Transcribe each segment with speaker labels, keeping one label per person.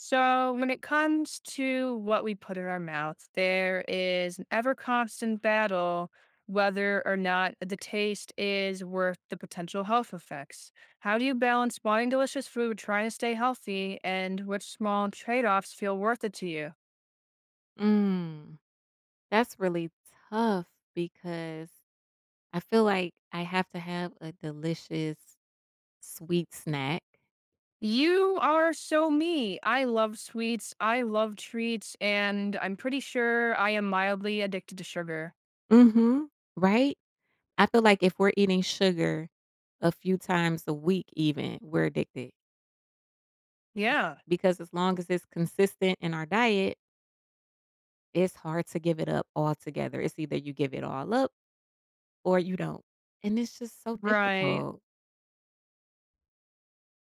Speaker 1: So, when it comes to what we put in our mouths, there is an ever constant battle whether or not the taste is worth the potential health effects. How do you balance buying delicious food, trying to stay healthy, and which small trade-offs feel worth it to you?
Speaker 2: Mm. That's really tough because I feel like I have to have a delicious sweet snack.
Speaker 1: You are so me. I love sweets, I love treats, and I'm pretty sure I am mildly addicted to sugar.
Speaker 2: Mhm. Right? I feel like if we're eating sugar a few times a week even, we're addicted
Speaker 1: Yeah.
Speaker 2: because as long as it's consistent in our diet it's hard to give it up altogether. It's either you give it all up, or you don't, and it's just so
Speaker 1: Right.
Speaker 2: difficult.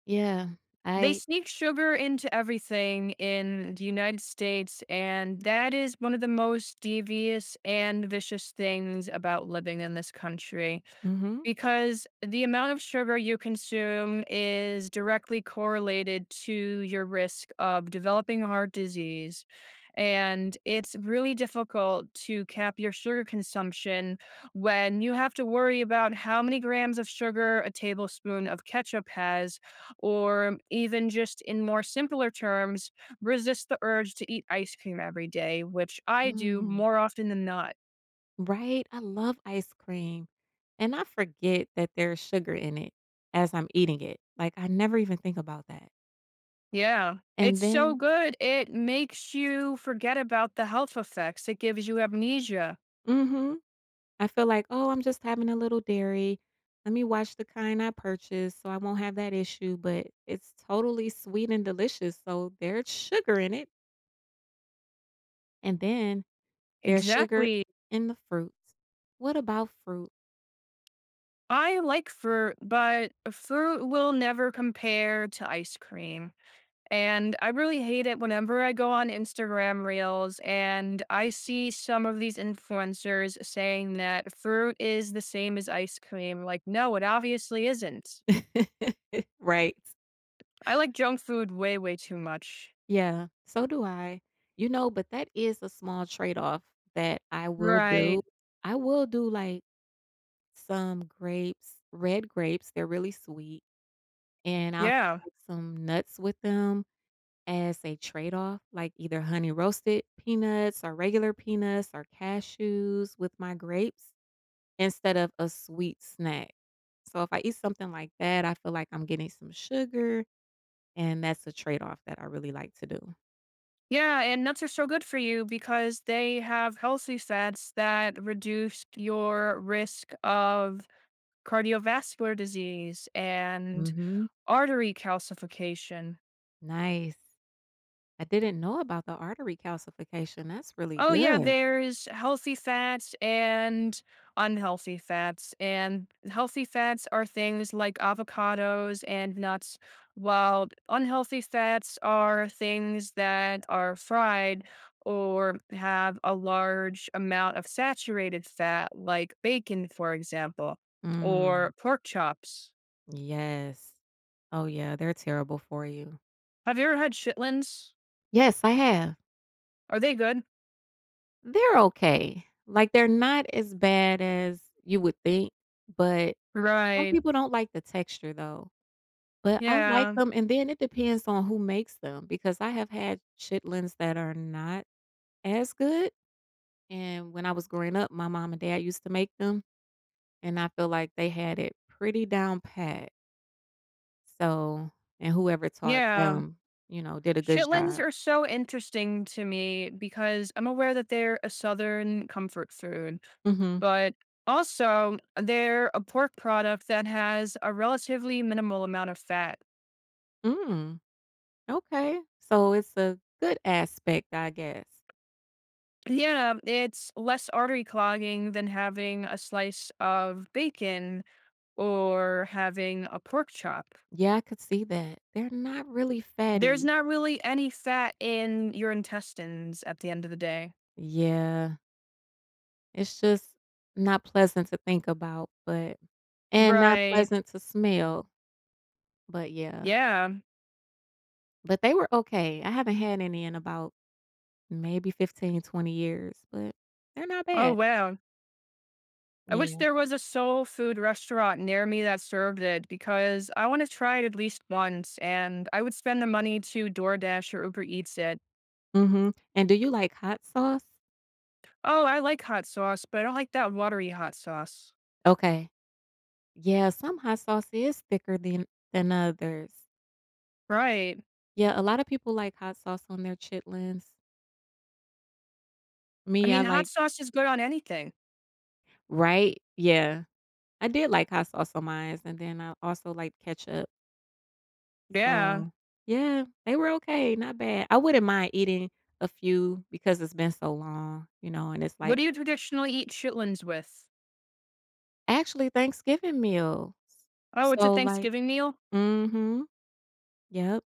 Speaker 2: Yeah,
Speaker 1: They
Speaker 2: I
Speaker 1: sneak sugar into everything in the United States, and that is one of the most devious and vicious things about living in this country.
Speaker 2: Mhm.
Speaker 1: Because the amount of sugar you consume is directly correlated to your risk of developing heart disease, and it's really difficult to cap your sugar consumption when you have to worry about how many grams of sugar a tablespoon of ketchup has, or even just in more simpler terms, resist the urge to eat ice cream every day, which I do
Speaker 2: Mhm.
Speaker 1: more often than not.
Speaker 2: Right, I love ice cream, and I forget that there's sugar in it as I'm eating it, like I never even think about that.
Speaker 1: Yeah.
Speaker 2: And
Speaker 1: It's so
Speaker 2: then
Speaker 1: good, it makes you forget about the health effects, it gives you amnesia.
Speaker 2: Mhm. I feel like, "Oh I'm just having a little dairy. Let me watch the kind I purchase so I won't have that issue," but, it's totally sweet and delicious so there's sugar in it. And then, there's sugar
Speaker 1: Exactly.
Speaker 2: in the fruits, what about fruit?
Speaker 1: I like fruit, but fruit will never compare to ice cream, and I really hate it whenever I go on Instagram reels and I see some of these influencers saying that fruit is the same as ice cream, like, no, it obviously isn't.
Speaker 2: Right.
Speaker 1: I like junk food way, way too much.
Speaker 2: Yeah, so do I, you know, but that is a small trade off that I will do,
Speaker 1: Right.
Speaker 2: I will do, like, some grapes, red grapes, they're really sweet, and I'll
Speaker 1: Yeah.
Speaker 2: have some nuts with them as a trade off like either honey roasted peanuts or regular peanuts or cashews with my grapes instead of a sweet snack, so if I eat something like that I feel like I'm getting some sugar and that's a trade off that I really like to do.
Speaker 1: Yeah, and nuts are so good for you because they have healthy fats that reduce your risk of cardiovascular disease and
Speaker 2: Mhm.
Speaker 1: artery calcification.
Speaker 2: Nice. I didn't know about the artery calcification, that's really
Speaker 1: Oh yeah,
Speaker 2: good.
Speaker 1: there is healthy fats and unhealthy fats, and healthy fats are things like avocados and nuts, while unhealthy fats are things that are fried or have a large amount of saturated fat, like bacon, for example,
Speaker 2: Mm.
Speaker 1: or pork chops.
Speaker 2: Yes. Oh yeah, they're terrible for you.
Speaker 1: Have you ever had chitlins?
Speaker 2: Yes, I have.
Speaker 1: Are they good?
Speaker 2: They're okay. Like, they're not as bad as you would think, but some
Speaker 1: Right.
Speaker 2: people don't like the texture though, but I like
Speaker 1: Yeah.
Speaker 2: them and then it depends on who makes them because I have had chitlins that are not as good, and when I was growing up my mom and dad used to make them and I feel like they had it pretty down pat so and whoever taught
Speaker 1: Yeah.
Speaker 2: them, you know, did a good
Speaker 1: Chitlins
Speaker 2: job.
Speaker 1: are so interesting to me because I'm aware that they're a Southern comfort food
Speaker 2: Mhm.
Speaker 1: but also, they're a pork product that has a relatively minimal amount of fat.
Speaker 2: Mm. Okay, so it's a good aspect, I guess.
Speaker 1: Yeah, it's less artery clogging than having a slice of bacon or having a pork chop.
Speaker 2: Yeah, I could see that, they're not really
Speaker 1: There's
Speaker 2: fatty.
Speaker 1: not really any fat in your intestines at the end of the day.
Speaker 2: Yeah. It's just not pleasant to think about but and not
Speaker 1: Right.
Speaker 2: pleasant to smell. But yeah.
Speaker 1: Yeah.
Speaker 2: But they were okay, I haven't had any in about, maybe 15, 20 years but they're not
Speaker 1: Oh,
Speaker 2: bad.
Speaker 1: wow. I wish
Speaker 2: Yeah.
Speaker 1: there was a soul food restaurant near me that served it, because I wanna try it at least once, and I would spend the money to DoorDash or Uber Eats it.
Speaker 2: Mhm, and do you like hot sauce?
Speaker 1: Oh, I like hot sauce, but I don't like that watery hot sauce.
Speaker 2: Okay. Yeah, some hot sauce is thicker than than others.
Speaker 1: Right.
Speaker 2: Yeah, a lotta people like hot sauce on their chitlins.
Speaker 1: I
Speaker 2: Me, I
Speaker 1: mean, hot
Speaker 2: like
Speaker 1: sauce is good on anything.
Speaker 2: Right? Yeah. I did like hot sauce on my mine's and then I also like ketchup.
Speaker 1: Yeah.
Speaker 2: So, yeah, they were okay, not bad. I wouldn't mind eating a few because it's been so long, you know, and it's
Speaker 1: What
Speaker 2: like
Speaker 1: do you traditionally eat chitlins with?
Speaker 2: Actually, Thanksgiving meals,
Speaker 1: Oh, it's a
Speaker 2: so like
Speaker 1: Thanksgiving meal?
Speaker 2: Mhm. Yep.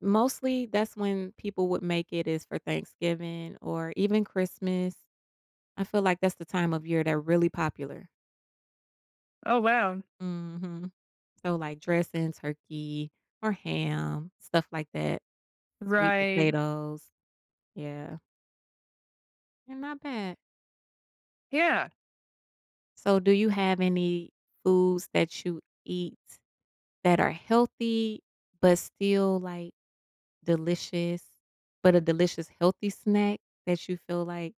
Speaker 2: Mostly that's when people would make it, is for Thanksgiving or even Christmas. I feel like that's the time of year they're really popular.
Speaker 1: Oh, wow.
Speaker 2: Mhm. So, like, dressing, turkey or ham, stuff like that sweet
Speaker 1: Right.
Speaker 2: potatoes. Yeah. They're not bad.
Speaker 1: Yeah.
Speaker 2: So, do you have any foods that you eat that are healthy but still, like, delicious but a delicious healthy snack that you feel like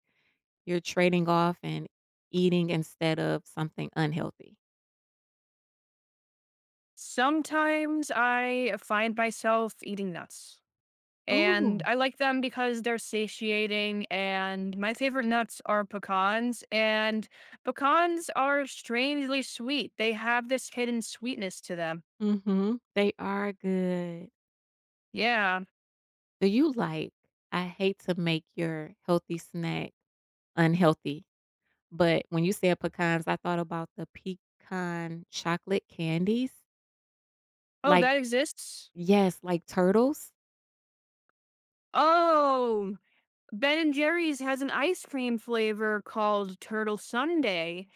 Speaker 2: you're trading off and eating instead of something unhealthy?
Speaker 1: Sometimes, I find myself eating nuts, and
Speaker 2: Ooh.
Speaker 1: I like them because they're satiating, and my favorite nuts are pecans, and pecans are strangely sweet, they have this hidden sweetness to them.
Speaker 2: Mhm, they are good.
Speaker 1: Yeah.
Speaker 2: Do you like I hate to make your healthy snack unhealthy, but when you said pecans, I thought about the pecan chocolate candies?
Speaker 1: Oh,
Speaker 2: Like
Speaker 1: that exists?
Speaker 2: Yes, like Turtles?
Speaker 1: Oh, Ben& Jerry's has an ice cream flavor called Turtle Sundae.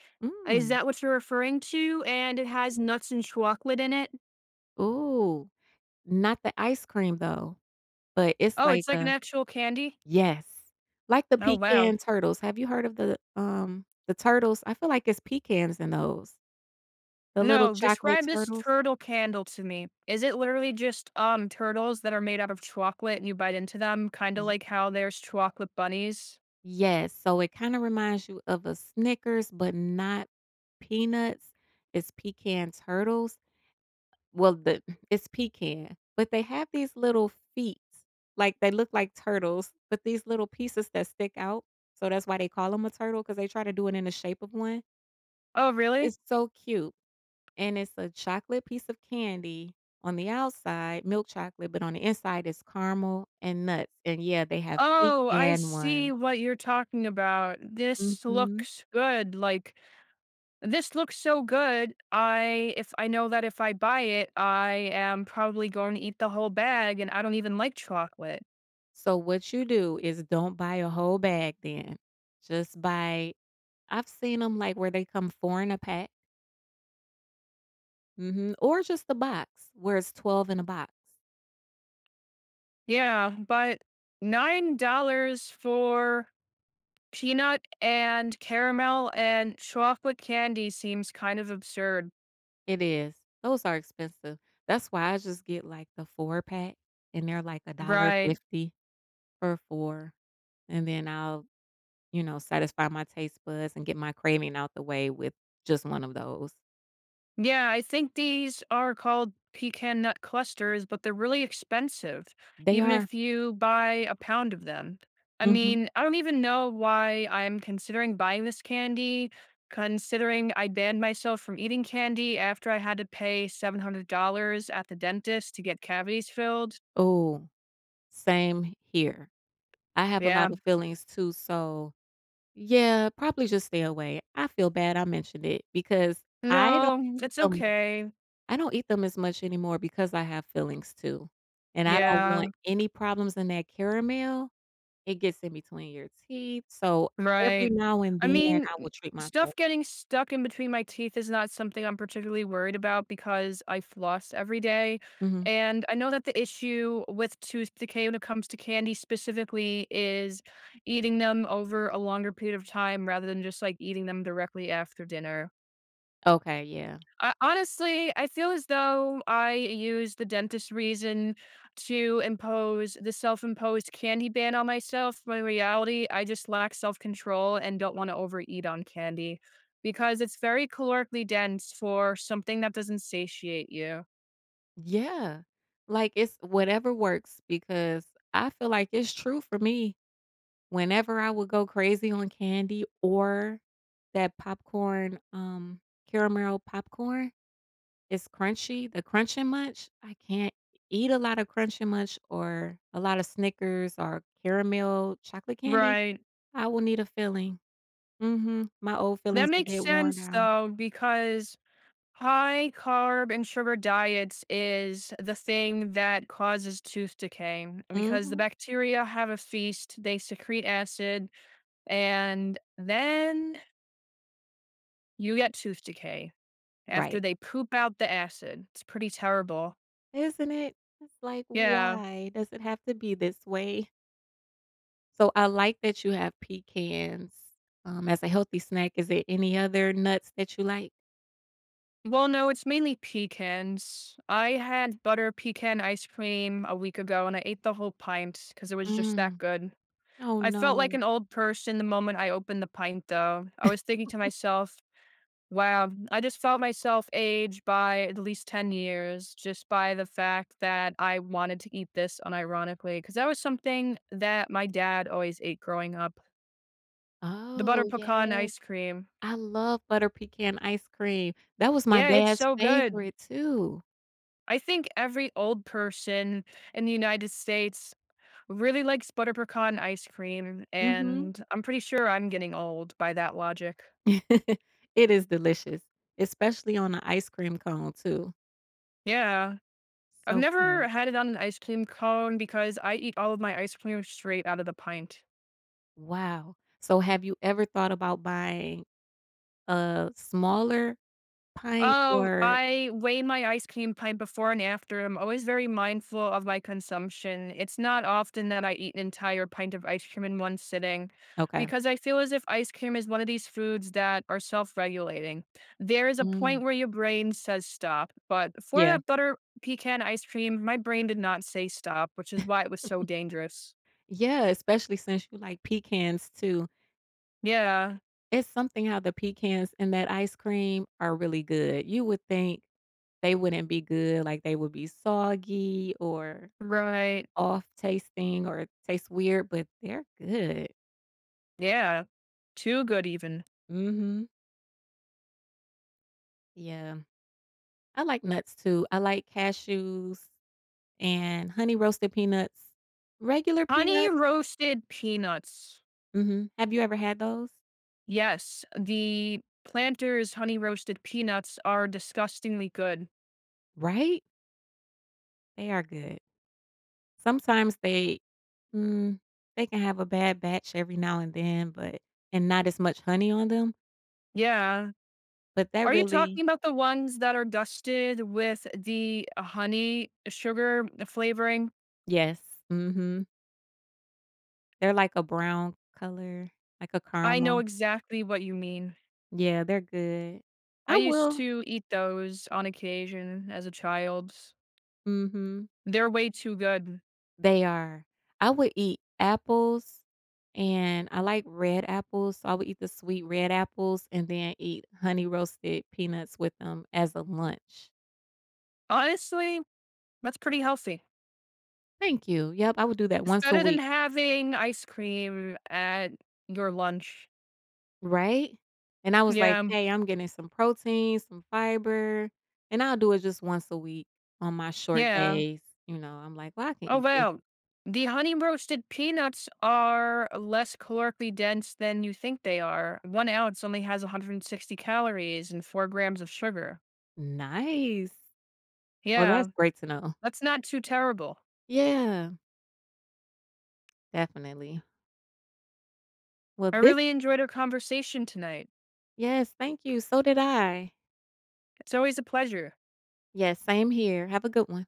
Speaker 1: Is
Speaker 2: Mm.
Speaker 1: that what you're referring to, and it has nuts and chocolate in it?
Speaker 2: Ooh, not the ice cream though, but it's
Speaker 1: Oh,
Speaker 2: like
Speaker 1: it's like an
Speaker 2: a
Speaker 1: actual candy?
Speaker 2: Yes, like the
Speaker 1: Oh, wow.
Speaker 2: pecan turtles, have you heard of the, um, the Turtles? I feel like it's pecans in those. The little
Speaker 1: No,
Speaker 2: chocolate
Speaker 1: describe this
Speaker 2: turtles?
Speaker 1: turtle candle to me. Is it literally just, um, turtles that are made out of chocolate and you bite into them, kinda
Speaker 2: Y
Speaker 1: like how there's chocolate bunnies?
Speaker 2: Yes, so it kind of reminds you of a Snickers but not peanuts, it's Pecans Turtles. Well, the it's Pecan, but they have these little feet like they look like turtles but these little pieces that stick out so that's why they call them a turtle 'cause they try to do it in the shape of one.
Speaker 1: Oh, really?
Speaker 2: It's so cute and it's a chocolate piece of candy on the outside, milk chocolate, but on the inside, it's caramel and nuts, and, yeah, they have
Speaker 1: Oh, I
Speaker 2: pecan one.
Speaker 1: see what you're talking about, this
Speaker 2: Mhm.
Speaker 1: looks good, like, this looks so good, I if I know that if I buy it I am probably going to eat the whole bag, and I don't even like chocolate.
Speaker 2: So what you do is don't buy a whole bag then, just buy I've seen 'em like where they come 4 in a pack. Mhm, or just the box where it's 12 in a box.
Speaker 1: Yeah, but $9 for peanut and caramel and chocolate candy seems kind of absurd.
Speaker 2: It is. Those are expensive. That's why I just get, like, the 4-pack and they're like a dollar
Speaker 1: Right.
Speaker 2: fifty for 4, and then I'll, you know, satisfy my taste buds and get my craving out the way with just one of those.
Speaker 1: Yeah, I think these are called pecan nut clusters, but they're really expensive,
Speaker 2: They
Speaker 1: even
Speaker 2: are.
Speaker 1: if you buy a pound of them. I
Speaker 2: Mhm.
Speaker 1: mean, I don't even know why I'm considering buying this candy considering I banned myself from eating candy after I had to pay $700 at the dentist to get cavities filled.
Speaker 2: Ooh. Same h here. I have a lot
Speaker 1: Yeah.
Speaker 2: of fillings too, so, yeah, probably just stay away. I feel bad I mentioned it because I don't
Speaker 1: No.
Speaker 2: eat
Speaker 1: It's
Speaker 2: them
Speaker 1: okay.
Speaker 2: I don't eat them as much anymore because I have fillings too and I don't want
Speaker 1: Yeah.
Speaker 2: any problems in that caramel. It gets in between your teeth, so every
Speaker 1: Right.
Speaker 2: now and
Speaker 1: I
Speaker 2: then,
Speaker 1: mean,
Speaker 2: I will treat
Speaker 1: stuff
Speaker 2: myself.
Speaker 1: getting stuck in between my teeth is not something I'm particularly worried about because I floss every day
Speaker 2: Mhm.
Speaker 1: and I know that the issue with tooth decay when it comes to candy specifically is eating them over a longer period of time rather than just, like, eating them directly after dinner.
Speaker 2: Okay. Yeah.
Speaker 1: Ho honestly, I feel as though I use the dentist's reason to impose the self-imposed candy ban on myself, but in reality, I just lack self-control and don't wanna overeat on candy because it's very calorically dense for something that doesn't satiate you.
Speaker 2: Yeah, like, it's whatever works because I feel like it's true for me. Whenever I would go crazy on candy or that popcorn, um, caramel popcorn. It's crunchy, the Crunch 'n Munch I can't eat a lotta Crunch 'n Munch or a lotta Snickers or caramel chocolate candy,
Speaker 1: Right.
Speaker 2: I will need a filling. Mhm. My old
Speaker 1: That
Speaker 2: fillings are
Speaker 1: makes
Speaker 2: getting worn
Speaker 1: sense
Speaker 2: down.
Speaker 1: though because high-carb-and-sugar diets is the thing that causes tooth decay because the
Speaker 2: Mhm.
Speaker 1: bacteria have a feast, they secrete acid, and then you get tooth decay after
Speaker 2: Right.
Speaker 1: they poop out the acid. It's pretty terrible.
Speaker 2: Isn't it? It's like,
Speaker 1: Yeah.
Speaker 2: "Why does it have to be this way?" So, I like that you have pecans, um, as a healthy snack. Is there any other nuts that you like?
Speaker 1: Well, no, it's mainly pecans. I had butter pecan ice cream a week ago and I ate the whole pint 'cause it was just that
Speaker 2: Mm.
Speaker 1: good.
Speaker 2: Oh,
Speaker 1: I felt like
Speaker 2: no.
Speaker 1: an old person the moment I opened the pint though. I was thinking to myself, "Wow." I just felt myself age by at least 10 years just by the fact that I wanted to eat this unironically, 'cause that was something that my dad always ate growing up the butter
Speaker 2: Oh,
Speaker 1: pecan
Speaker 2: yes.
Speaker 1: ice cream.
Speaker 2: I love butter pecan ice cream. That was my
Speaker 1: Yeah, it's
Speaker 2: dad's
Speaker 1: so good.
Speaker 2: favorite too.
Speaker 1: I think every old person in the United States really likes butter pecan ice cream,
Speaker 2: Mhm.
Speaker 1: and I'm pretty sure I'm getting old by that logic.
Speaker 2: It is delicious. Especially on a ice cream cone too.
Speaker 1: Yeah. I've
Speaker 2: So
Speaker 1: never
Speaker 2: good.
Speaker 1: had it on an ice cream cone because I eat all of my ice cream straight out of the pint.
Speaker 2: Wow. So, have you ever thought about buying a smaller pint
Speaker 1: Oh,
Speaker 2: or
Speaker 1: I weigh my ice cream pint before and after, I'm always very mindful of my consumption; it's not often that I eat an entire pint of ice cream in one sitting
Speaker 2: Okay.
Speaker 1: because I feel as if ice cream is one of these foods that are self-regulating. There is a
Speaker 2: Mm.
Speaker 1: point where your brain says, "Stop," but for
Speaker 2: Yeah.
Speaker 1: that butter pecan ice cream, my brain did not say, "Stop," which is why it was so dangerous.
Speaker 2: Yeah, especially since you like pecans, too.
Speaker 1: Yeah.
Speaker 2: It's something how the pecans in that ice cream are really good. You would think they wouldn't be good, like, they would be soggy or
Speaker 1: Right.
Speaker 2: off tasting or it tastes weird but they're good.
Speaker 1: Yeah, too good, even.
Speaker 2: Mhm. Yeah. I like nuts, too. I like cashews and honey roasted peanuts. Regular
Speaker 1: Honey
Speaker 2: peanuts
Speaker 1: roasted peanuts.
Speaker 2: Mhm, have you ever had those?
Speaker 1: Yes, the PLANTERS Honey Roasted Peanuts are disgustingly good.
Speaker 2: Right? They are good. Sometimes they mm, they can have a bad batch every now and then but and not as much honey on them
Speaker 1: Yeah.
Speaker 2: but that
Speaker 1: Are you
Speaker 2: really
Speaker 1: talking 'bout the ones that are dusted with the honey, sugar flavoring?
Speaker 2: Yes, mhm. They're like a brown color, like a
Speaker 1: I know
Speaker 2: caramel.
Speaker 1: exactly what you mean.
Speaker 2: Yeah, they're good. I
Speaker 1: I used
Speaker 2: will
Speaker 1: to eat those on occasion as a child.
Speaker 2: Mhm.
Speaker 1: They're way too good.
Speaker 2: They are. I would eat apples, and I like red apples, so I would eat the sweet, red apples and then eat Honey Roasted Peanuts with them as a lunch.
Speaker 1: Honestly, that's pretty healthy.
Speaker 2: Thank you, yep, I would do that
Speaker 1: It's
Speaker 2: once a
Speaker 1: better than
Speaker 2: week.
Speaker 1: having ice cream at your lunch.
Speaker 2: Right? And I was like,
Speaker 1: Yeah, um
Speaker 2: "Hey, I'm getting some protein, some fiber, and I'll do it just once a week on my short
Speaker 1: Yeah.
Speaker 2: days," you know, I'm like, "Well, I can
Speaker 1: Oh
Speaker 2: eat this."
Speaker 1: wow. The Honey Roasted Peanuts are less calorically dense than you think they are; 1 ounce only has 160 calories and 4 grams of sugar.
Speaker 2: Nice. Well
Speaker 1: Yeah.
Speaker 2: that's great to know.
Speaker 1: That's not too terrible.
Speaker 2: Yeah. Definitely. Well,
Speaker 1: I
Speaker 2: thi
Speaker 1: really enjoyed our conversation tonight.
Speaker 2: Yes, thank you, so did I.
Speaker 1: It's always a pleasure.
Speaker 2: Yes, same here. Have a good one.